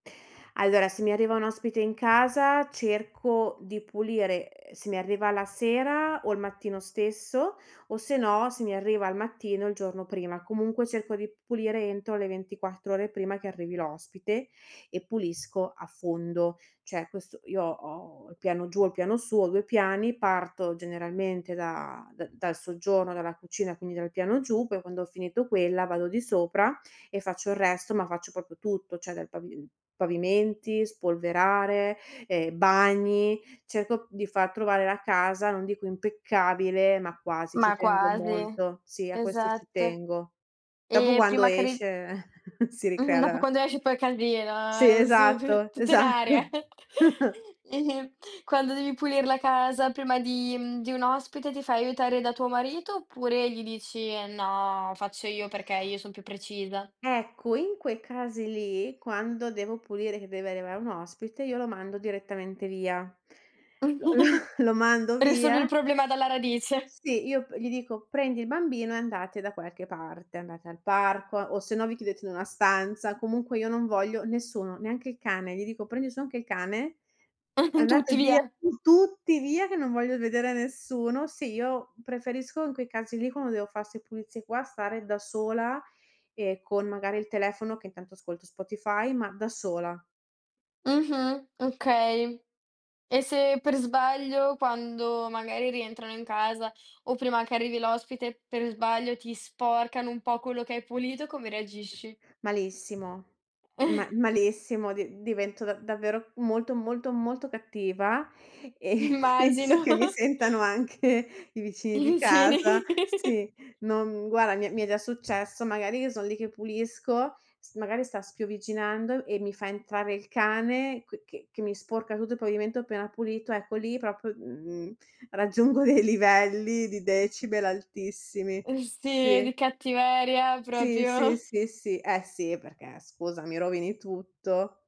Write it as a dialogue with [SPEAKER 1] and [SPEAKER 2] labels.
[SPEAKER 1] Allora, se mi arriva un ospite in casa cerco di pulire: ehm, se mi arriva la sera o il mattino stesso o se no se mi arriva al mattino il giorno prima. Comunque cerco di p pulire entro le 24 ore prima che arrivi l'ospite e pulisco a fondo. Cioè questo io ho il piano giù, ho il piano su, ho 2 piani, parto generalmente da d dal soggiorno, dalla cucina, quindi dal piano giù, poi quando ho finito quella vado di sopra e faccio il resto, ma faccio proprio tutto, cioè dal pavi ehm, pavimenti, spolverare, ehm, bagni, cerco di far trovare la casa, non dico impeccabile, ma quasi, ci
[SPEAKER 2] Ma
[SPEAKER 1] tengo
[SPEAKER 2] quasi,
[SPEAKER 1] molto. Sì, a questo ci
[SPEAKER 2] esatto.
[SPEAKER 1] tengo. Dopo
[SPEAKER 2] E
[SPEAKER 1] quando
[SPEAKER 2] prima che ri
[SPEAKER 1] esce si
[SPEAKER 2] Mh-mh.
[SPEAKER 1] ricrea
[SPEAKER 2] Dopo
[SPEAKER 1] la
[SPEAKER 2] quando esci poi casino,
[SPEAKER 1] Sì,
[SPEAKER 2] ehm, s p
[SPEAKER 1] esatto,
[SPEAKER 2] tutto in aria.
[SPEAKER 1] esatto.
[SPEAKER 2] Quando devi pulire la casa prima di mhmm, di un ospite ti fai aiutare da tuo marito oppure gli dici: "No, faccio io perché io son più precisa."
[SPEAKER 1] Ecco, in quei casi lì, quando devo pulire che deve arrivare un ospite io lo mando direttamente via. Lo lo mando
[SPEAKER 2] Risolvi il
[SPEAKER 1] via
[SPEAKER 2] problema dalla radice.
[SPEAKER 1] Sì, io p gli dico: "Prendi il bambino e andate da qualche parte, andate al parco o se no vi chiudete in una stanza." Comunque io non voglio nessuno, neanche il cane. Gli dico: "Prendi su anche il cane, andate
[SPEAKER 2] Tutti
[SPEAKER 1] via
[SPEAKER 2] via.
[SPEAKER 1] tu tutti via che non voglio vedere nessuno." Sì, io preferisco in quei casi lì quando devo fa 'ste pulizie qua, stare da sola e con magari il telefono che intanto ascolto Spotify, ma da sola.
[SPEAKER 2] Mh-mh, okay. E se per sbaglio, quando magari rientrano in casa o prima che arrivi l'ospite, per sbaglio ti sporcano un po' quello che hai pulito, come reagisci?
[SPEAKER 1] Malissimo, ma malissimo, di divento da davvero molto, molto, molto cattiva e penso
[SPEAKER 2] Immagino.
[SPEAKER 1] che mi sentano anche i vicini
[SPEAKER 2] I
[SPEAKER 1] di
[SPEAKER 2] vicini.
[SPEAKER 1] casa. Sì, non guarda mi è mi è già successo, magari io son lì che pulisco, s magari sta spiovviginando e mi fa entrare il cane qui che che mi sporca tutto il pavimento appena pulito, ecco lì proprio, mhmm, raggiungo dei livelli di decibel altissimi.
[SPEAKER 2] Uhm, sì,
[SPEAKER 1] Sì.
[SPEAKER 2] di cattiveria
[SPEAKER 1] Sì, sì,
[SPEAKER 2] proprio.
[SPEAKER 1] sì, sì. Eh, sì, perché scusa, mi rovini tutto.